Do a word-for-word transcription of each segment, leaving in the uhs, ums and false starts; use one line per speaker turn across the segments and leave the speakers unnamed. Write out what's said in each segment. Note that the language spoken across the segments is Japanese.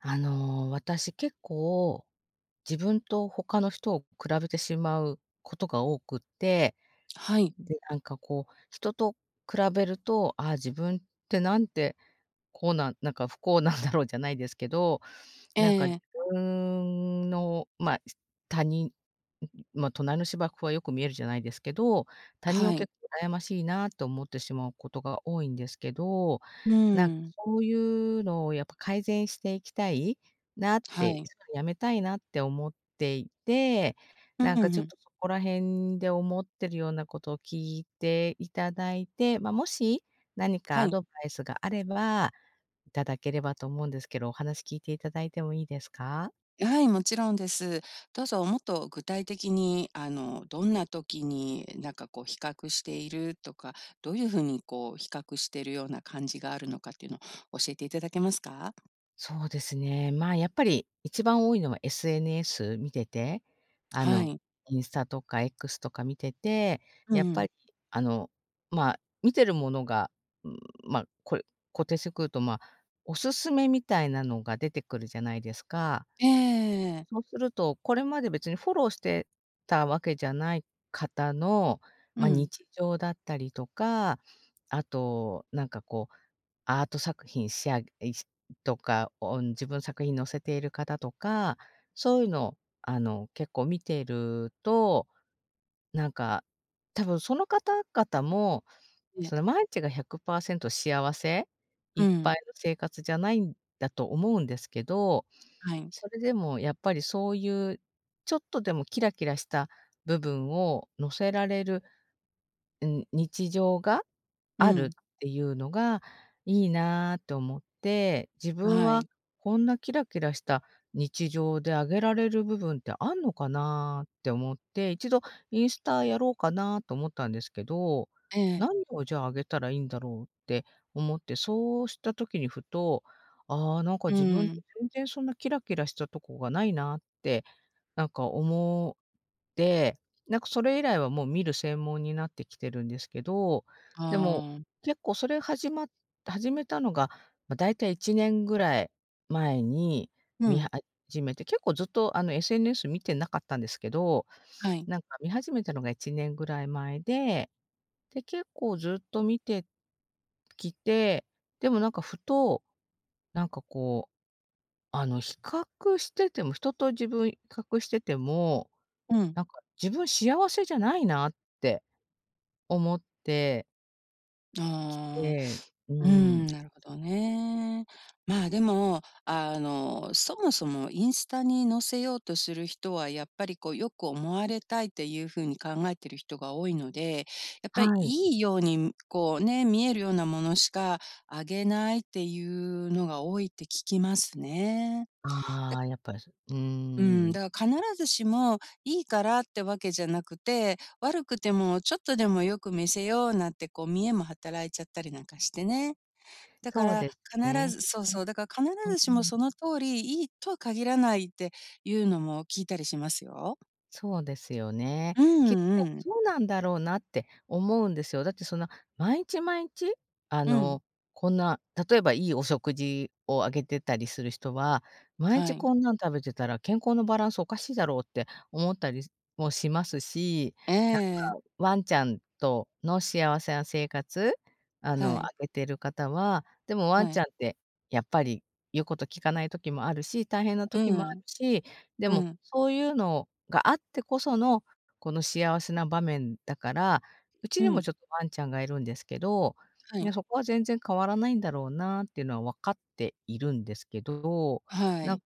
あの、私結構、自分と他の人を比べてしまう事が多くて。
はい。
で、なんかこう、人と比べると、「ああ、自分って、なんて、こうなんなんか、不幸なんだろう」じゃないですけど、
え
なんか自
え。
分の、まあ他人、まあ、隣の芝生はよく見えるじゃないですけど、他人
は
を
い。
結構羨ましいなと思ってしまうことが多いんですけど。
うー
なんか
ん。
そういうのをやっぱ改善していきたいなっ
は
て、
い。
止めたいなって思っていて、
う
なんかちょっ
ん。
とそこら辺で思ってるようなことを聞いて頂いて、まあ、もし何か
は
ア
い。
ドバイスがあれば頂ければと思うんですけど、お話聞いて頂いてもいいですか？
はい、もちろんです。どうぞもっと具体的に、あの、どんな時になんかこう、比較しているとか、どういう風にこう、比較してるような感じがあるのかっていうの、教えていただけますか。
そうですね。まあ、やっぱり、一番多いのは SNS 見てて、あ
は
の、
い。
インスタとか X とか見てて、
う
やっぱ
ん。
あの、まあ、見てる物がまあ、こ固定してくると、まあ、お勧めみたいなのが出てくるじゃないですか？
ええええええ。
そうすると、これまで別にフォローしてたわけじゃない方の、
う
ま、
ん。
日常だったりとか、あと、なんか、こう、アート作品しあいしとか、おん自分の作品載せている方とか、そういうのを、あの、結構見ていると、なんか、多分、その方々も、
ね。
その、毎日がひゃくぱーせんと幸せい
う
っぱい
ん。
の生活じゃないんだと思うんですけど、
はい。
それでもやっぱりそういう、ちょっとでもキラキラした部分を載せられる、うん、日常が
う
ある
ん。
っていうのが「いいな」って思って、自分
は
は
い。
こんなキラキラした日常であげられる部分ってあんのかなって思って、いちどインスタやろうかなと思ったんですけど、
ええ。
「何を、じゃあ、あげたらいいんだろう」って思って、そうした時にふと、「ああ、なんか、
う
自分
ーん。
全然そんなキラキラしたとこがないな」ってなんか思って、なんか、それ以来はもう見る専門になってきてるんですけど、でも
ああ。
結構それ始まっ始めたのが、ま、大体いちねんぐらい前に
う
見
ん。
始めて、結構ずっとあの、SNS 見てなかったんですけど、
はい。
なんか見始めたのがいちねんぐらい前で、で結構ずっと見てきて、でもなんかふと、なんかこうあの、比較してても、人と自分比較してても
うん。
なんか、自分幸せじゃないなって思ってき
ああ、
で、う
うー
ーん。
ん、なるほどね、まあ、でも、あの、そもそも、インスタに載せようとする人は、やっぱりこう、良く思われたいっていう風に考えてる人が多いので、やっぱり、
はい。
良いように、ん、こうね、見える様なものしかあげないっていうのが多いって聞きますね。だ
あ
か
あ、やっぱり、そうー
うん、
ん。
だから、必ずしも、良いからって訳じゃなくて、悪くても、ちょっとでも良く見せようなんて、こう、見栄も働いちゃったりなんかしてね、だか
そう
ら、
です
必
ね、
ずそう
うう
そう、だから必
ん。う
ずし
う
も、
ん。
その通り、良いとは限らないっていうのも聞いたりしますよ。
そうですよね、
う
きっ
んう
と、
ん。
そうなんだろうなって思うんですよ、だって、そんな、まいちまいんち、あ
うん。
の、こんな、例えば、良いお食事をあげてたりする人は、まい
は
ち、
い。
こんなん食べてたら、健康のバランスおかしいだろうって思ったりもしますし、なん
ええ。
か、ワンちゃんとの幸せな生活、あ
は
の、あ
い。
げてる方は、でも、ワ
は
ンちゃ
い。
んって、やっぱり、言う事聞かない時もあるし、大変な
う
時
んう
もある
ん。
し、で
う
も、
ん。
そういうのがあってこその、この幸せな場面だからうち
う
にも、
ん。
ちょっとワンちゃんが、居るんですけど、
は
い
い。
や、そこは、全然変わらないんだろうなっていうのは、分かっているんですけど、
は
なん
い。
か、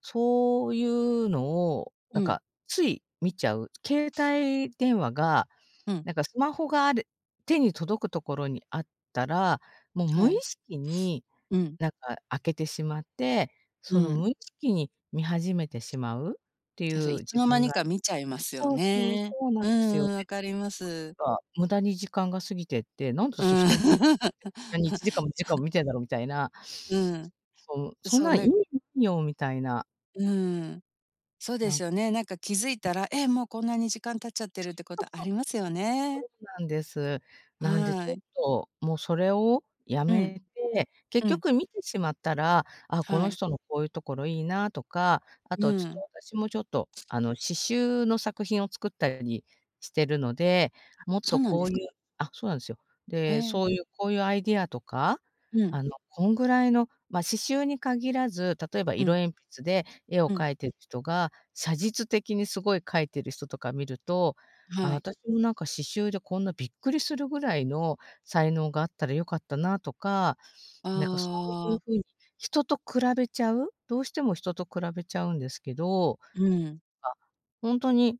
そういうのを、
う
なん
ん。
か、つい見ちゃう携帯電話が、
うん。
なんか、スマホがある手に届く所にあったら、もう
は
無意
い。
識に、
うん。
なんか、開けてしまって、
う
その、無
ん。
意識に見始めてしまうってい
あ、それ、
う
いつ
自
の間
分
に
が
か、見ちゃいますよ
そうそう、そ
ね、
うなん
う
ですよ
んう
ね、
ん、分かります。
か、無駄に時間が過ぎてって、なんで
う
私、
ん。
人の生活見てこんなにいちじかんもにじかん も見てんだろ、みたいな
うんう
そ、む
ん、
そん
そう、
な、
な
意
ん
味よ、みたいな。
うーん。そうで
なん
すよね。なんか気づいたら、え、もうこんなに時間経っちゃってるっ
[unintelligible]
てこ
そう
とあ
そう。
りますよね。
そうなんです。なんでちょ
は
っ
い。
と、もうそれを止
うん、
めて、結
うん。
局見てしまったら、ああ、こ
は
の
い。
人のこういうところ、いいなとか、あ
う
とちょっと、
ん。
私もちょっとあの、刺繍の作品を作ったりしてるので、
あ、
もっ
そ
と
うなん
こ
で
う
す
い
か？
うあ、そうなんですよ。
へ
で、
え。
そういう、こういうアイディアとか、
うん。
あの、こんぐらいのまあ刺繍に限らず、例えば
う
色
ん。
鉛筆で絵を
うん。
描いている人が、写実的にすごい描いている人とか見ると、ああ、
はい。
私もなんか刺繍で、こんなびっくりするぐらいの才能があったら良かったなとか、なんかそう
あ
いう
あ。
ふうに、人と比べちゃう、どうしても人と比べちゃうんですけど。
うーん。
あ、ほんとに、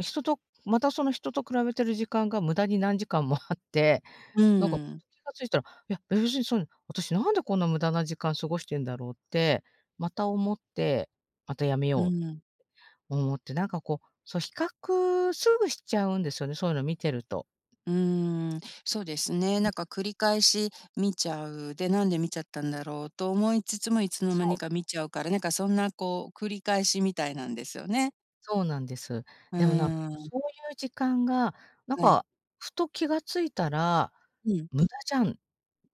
人とまたその人と比べてる時間が無駄に何時間もあって、
う
なんか、
ーん。
気が付いたら、いや、別にそんな、私なんで、こんな無駄な時間過ごしてんだろうって、また思って、また止め
う
よ
ん。
う思って、何かこう、そう比較すぐしちゃうんですよね、そういうの見てると
うーん、そう
で
で
す。
すね、
う
な
ん。
んか繰り返し見ちゃう。で、なんで見ちゃったんだろうと思いつつも、いつの間
そ
に
う。
か見ちゃうから、なんかそんなこう、繰り返しみたいなんですよね。
そうなんです。
う
でもなんかも
ー
う、
ん。
そういう時間が、なん
はい。
か、ふと気が付いたら、
うん。
無駄じゃんっ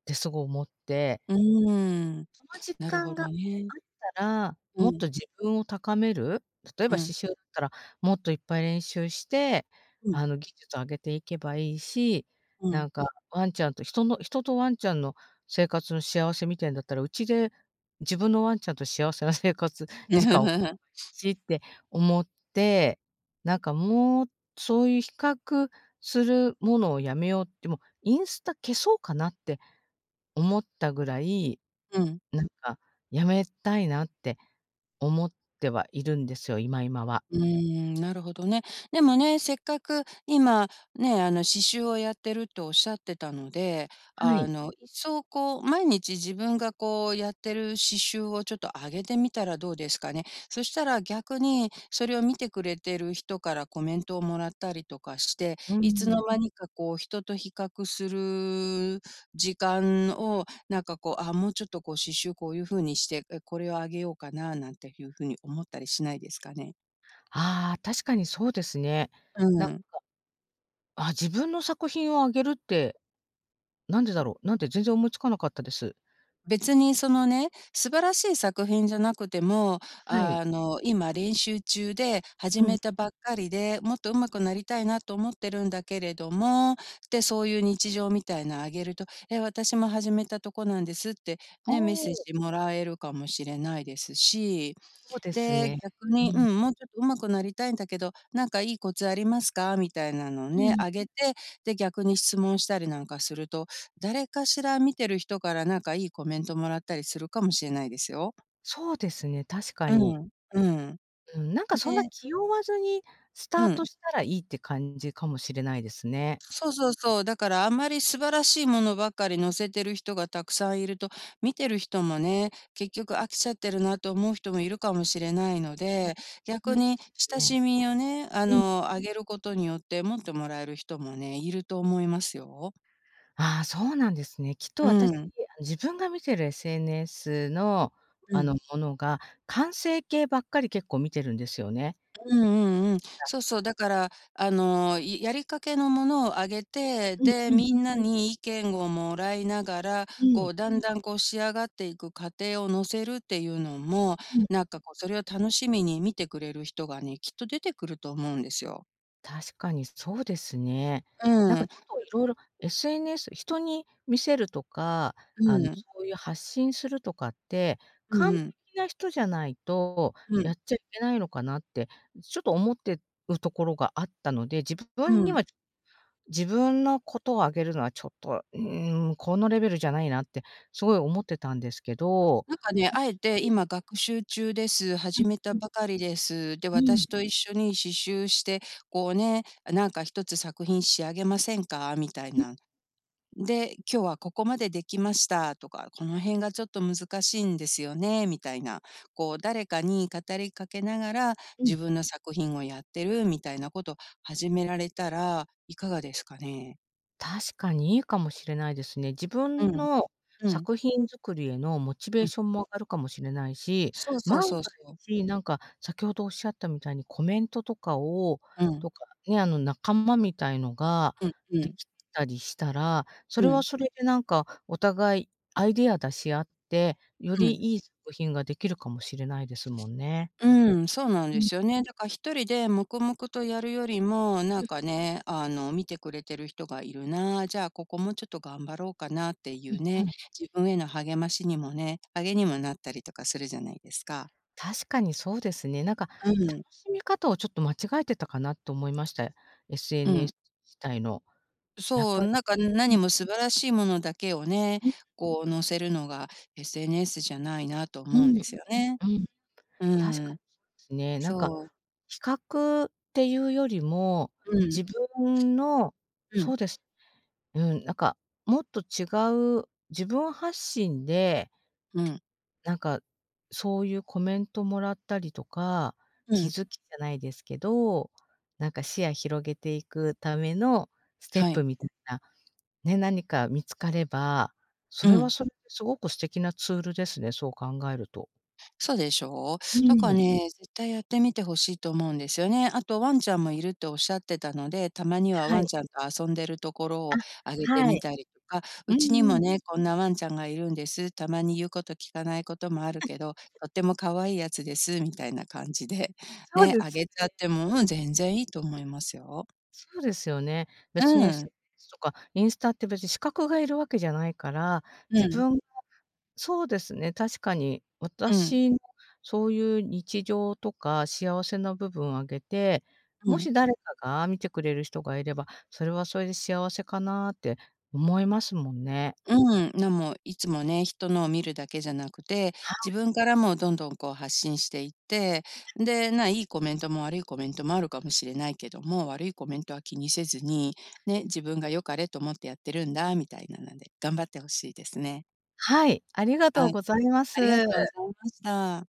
てすごい思って。
うーん、
その時
なるほ
間があ
どね。
ったら、
う
もっ
ん。
と自分を高める、例え
う
ば、刺
ん。
繍ったらもっといっぱい練習して、
うん。
あの、技術を上げていけばいいし、
うん。
なんかワンちゃんと人の人とワンちゃんの生活の幸せ見てるんだったら、うちで、自分のワンちゃんと幸せな生活時間 しって思って、なんかもう、そういう比較するものをやめようって、もう、インスタ消そうかなって思ったぐらい。
うん。
なんか辞めたいなって思ってはいるんですよ、今、今は。
うーん、なるほどね。でもね、せっかく今、ね、あの刺繍をやってるっておっしゃってたので、
は
あ
い。
の、いっそうこう、毎日自分がこうやってる刺繍をちょっとあげてみたらどうですかね。そしたら逆に、それを見てくれてる人からコメントをもらったりとかして、
うー
いつの
ん。
間にかこう、人と比較する、時間を、なんかこう、ああ、もうちょっとこう刺繍こういう風にして、え、これをあげようかななんていう風に思ったりしないですかね。
ああ、確かにそうですね。
う
なんか、
ん。
ああ、自分の作品をあげるって、何でだろう、なんて全然思いつかなかったです。
別にそのね、素晴らしい作品じゃなくても、
はい。
あの、今練習中で、始
うん。
めたばっかりで、もっと上手くなりたいなと思ってるんだけれども、で、そういう日常みたいなあげると、え、私も始めたとこなんですって、
お
ね、メッセー
お。
ジもらえるかもしれないですし。
そうです
で、
ね。
逆
う
に、う
ん。
ん、もうちょっと上手くなりたいんだけど、何かいいコツありますかみたいなのを
う
ね、
ん。
あげて、で、逆に質問したりなんかすると、誰かしら見てる人から何かいいコメントもらったりするかもしれないですよ。
そうですね、確か
う
に。
ん、うん。ん
うん、なんかそんな
で
気負わずにスター
うん。
トしたらいいって感じかもしれないですね。
そうそうそう。だからあんまり素晴らしいものばっかり載せてる人がたくさんいると、見てる人もね、結局飽きちゃってるなと思う人もいるかもしれないの
ん、
で、
そう
逆
なんで
に
す
親
ね。
しみをね、あ
うん。
の、あげることによって持ってもらえる人もね、いると思いますよ。
ああ、そうなんですね。きっと
う
私、
ん。
自分が見てる SNS の、
う
あ
ん。
の、ものが、完成形ばっかり結構見てるんですよね。
うんうんうん。
ほら。
そうそう、だから、あの、いやりかけのものを上げて、
うん
で、
うん。
みんなに意見をもらいながら、
う
こ
ん。
う、だんだんこう仕上がっていく過程をのせるっていうのも、
うん。
なんかこう、それを楽しみに見てくれる人がね、きっと出てくると思うんですよ。
確かにそうですね。
う
なんか
ん。
ちょっと色々、SNS 人に見せるとか、あの、
うん。
そういう発信するとかって、
うん
完
うん。
璧な人じゃないと、
う
や
ん。
っちゃいけないのかなって、ちょっと思ってるところがあったので、自
う
分に
ん。
は、自分のことをあげるのはちょっと、うん、このレベルじゃないなってすごい思ってたんですけど。
なんかね、敢えて 今学習中です、
う、
始めた
ふん。
ばかりです。で、
う
私
ん。
と一緒に刺繍して、こうね、何かひとつ作品仕上げませんか、みたい
え。
な。で、今日はここまでできましたとか、この辺がちょっと難しいんですよね、みたいな、こう、誰かに語りかけながら、
う
自
ん。
分の作品をやってるみたいなことを始められたら、いかがですかね？
確かにいいかもしれないですね。自
う
分
ん。
の
うん。
作品作りへのモチベー
うん。
ションも上がるかもしれないし、
そうそう
万
そう
が
そう。
一何か先ほどおっしゃったみたいにコメントとかを、
うん。
とかね、あの仲間みたいのが
うん、う
で
ん。
きたりしたら、そ
う
れは
ん。
それで何か、お互いアイディアを出し合って、よ
う
り
ん。
良い作品ができるかもしれないですもんね。
うん、そうなん
う
で
ん。
すよね。だからひとりで黙々とやるよりも、な
う
ん
ん。
かね、あの見てくれてる人がいるな、じゃあ、ここもうちょっと頑張ろうかなってい
うん
うね、
うん。
自分への励ましにもね励みにもなったりするじゃないですか。
確かにそうですね。なんか、
うん。
楽しみ方をちょっと間違えてたかなと思いました、
うん。
SNS 自体の。やっ
そう、
ぱり、
なんか
うん。
何も素晴らしいものだけをね、
うん。
こう載せるのが SNS じゃないなと
う
思うん
ん、
ですよね。
うん。
う
確か
ん。
にそうですね。なんか、
そう。
比較っていうよりも、
うん。
自分の
う
そ
ん。
うです。うん、なんか、もっと違う自分発信で、
うん。
なんか、そういうコメントもらったりとか、
う
気
ん。
づきじゃないですけど、なんか、視野広げていくためのステッ
は
プ
い。
みたいな、ね、何か見つかれば、そ
う
れは
ん。
それで凄く素敵なツールですね、そう考えると。
そうでしょう。
う
だから
ん。
ね、絶対やってみて欲しいと思うんですよね。あと、ワンちゃんもいるっておっしゃってたので、たまには
は
ワン
い。
ちゃんと遊んでるところ
あ、
をあげて
は
み
い。
たりとか、
う
うち
ん
に
う
も
ん。
ね、こんなワンちゃんがいるんです、たまに言うこと聞かないこともある
うん。
けど、とてもかわいいやつです、みたいな感じで、
そう
ね、
で
あ
す
げちゃっ
ね。
ても、うん、全然いいと思いますよ。
そうですよね。別に
う
SNS
ん。
とか、インスタって別に資格がいるわけじゃないから、
う
自
ん。
分がそうですね。確かに
うん。
私、そういう日常とか幸せな部分を上げて、
う
も
ん。
し誰かが見てくれる人がいれば、それはそれで幸せかなって思いますもんね。
うん、なんもいつもね、人のを見るだけじゃなくて、
は
自
い。
分からもどんどんこう発信していって、で、まあ、いいコメントも悪いコメントもあるかもしれないけども、悪いコメントは気にせずに、ね、自分が良かれと思ってやってるんだみたいなので、頑張って欲しいですね。
はい、ありがと
は
う
い、
ございま
ありが
す。
とうございました。